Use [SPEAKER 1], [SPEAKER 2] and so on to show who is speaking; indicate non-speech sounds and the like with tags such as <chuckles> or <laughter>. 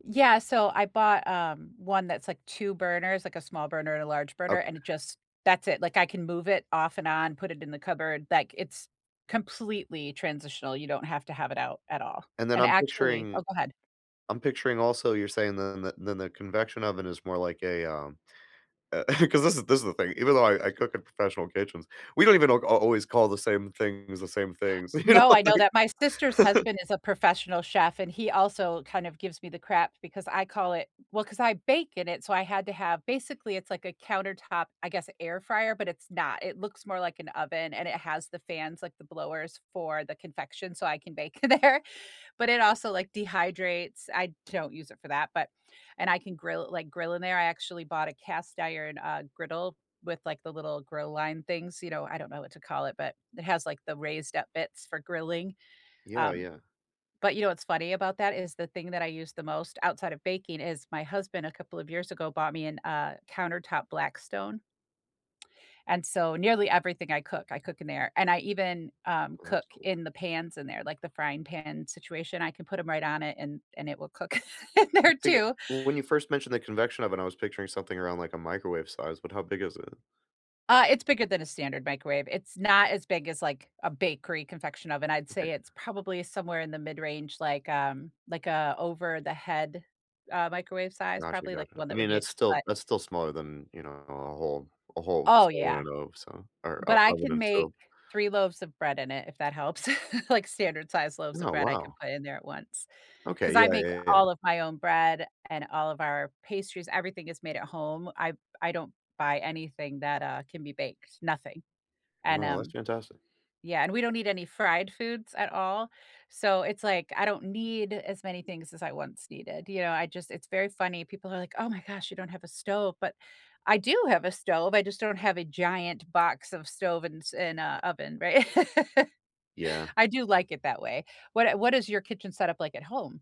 [SPEAKER 1] Yeah, so I bought, um, one that's, like, 2 burners, like, a small burner and a large burner,
[SPEAKER 2] Okay.
[SPEAKER 1] and it just that's it, like, I can move it off and on, put it in the cupboard, like, it's completely transitional, you don't have to have it out at all,
[SPEAKER 2] And then
[SPEAKER 1] and
[SPEAKER 2] I'm
[SPEAKER 1] actually
[SPEAKER 2] picturing
[SPEAKER 1] Oh, go ahead.
[SPEAKER 2] I'm picturing also, you're saying the nu nu nuc convection oven is more like a, um, uh, <chuckles> 'cause this a this the thing, even though I I cook in professional kitchens, we don't even al g always call the same things the same things, you know,
[SPEAKER 1] No, I know
[SPEAKER 2] like
[SPEAKER 1] that. My sister's
[SPEAKER 2] <chuckles>
[SPEAKER 1] husband is a professional chef, and he also kind of gives me the crap because I call it well, 'cause I bake in it, so I had to have basically, it's like a countertop, I guess, air fryer, but it's not. It looks more like an oven and it has the fans, like the blowers for the confection, so I can bake in there, but it also, like, dehydrates, I don't use it for that, but and I can grill like, grill in there. I actually bought a cast iron, uh, griddle with, like, the little grill line things, you know? I don't know what to call it, but it has, like, the raised up bits for grilling,
[SPEAKER 2] Yeah,
[SPEAKER 1] um,
[SPEAKER 2] yeah.
[SPEAKER 1] but you know what's funny about that is the thing that I use the most outside of baking is my husband a couple of years ago bought me an uh, a countertop Blackstone and so nearly everything I cook, I cook in there, and I even, um,
[SPEAKER 2] Well,
[SPEAKER 1] cook
[SPEAKER 2] that's cool.
[SPEAKER 1] in the pans in there, like, the frying pan situation. I can put 'em right on it and and it will cook in there
[SPEAKER 2] To get
[SPEAKER 1] too.
[SPEAKER 2] when you 1st mentioned the convection oven, I was picturing something around, like, a microwave size, but how big is it?
[SPEAKER 1] Uh, it's bigger than a standard microwave. It's not as big as, like, a bakery confection oven. I'd
[SPEAKER 2] Okay.
[SPEAKER 1] say it's probably somewhere in the mid-range, like, um like, a over the head, uh, microwave size,
[SPEAKER 2] Gotcha,
[SPEAKER 1] probably, like, the
[SPEAKER 2] gotcha.
[SPEAKER 1] one
[SPEAKER 2] I
[SPEAKER 1] that would
[SPEAKER 2] mean,
[SPEAKER 1] be a
[SPEAKER 2] that's
[SPEAKER 1] cut
[SPEAKER 2] still that's still smaller than, you know, a whole a whole s
[SPEAKER 1] Oh,
[SPEAKER 2] I
[SPEAKER 1] yeah.
[SPEAKER 2] don't know, so or
[SPEAKER 1] But
[SPEAKER 2] o
[SPEAKER 1] I
[SPEAKER 2] oven
[SPEAKER 1] can
[SPEAKER 2] and
[SPEAKER 1] make
[SPEAKER 2] stove.
[SPEAKER 1] 3 loaves of bread in it, if that helps, <chuckles> like, standard size loaves of
[SPEAKER 2] Oh,
[SPEAKER 1] bread I can
[SPEAKER 2] wow.
[SPEAKER 1] put in there at once,
[SPEAKER 2] Okay.
[SPEAKER 1] 'cause I
[SPEAKER 2] Yeah,
[SPEAKER 1] make
[SPEAKER 2] yeah, yeah.
[SPEAKER 1] all of my own bread and all of our pastries- everything is made at home. I I don't buy anything that, uh, can be baked, nothing, and,
[SPEAKER 2] Wow, that's
[SPEAKER 1] um
[SPEAKER 2] fantastic.
[SPEAKER 1] Yeah, and we don't eat any fried foods at all, so it's, like, I don't need as many things as I once needed, you know? I just it's very funny, people are like, "Oh my gosh, you don't have a stove," but I do have a stove, I just don't have a giant box of stove and s and a oven, right? <laughs>
[SPEAKER 2] Yeah.
[SPEAKER 1] I do like it that way. What a what is your kitchen setup like at home?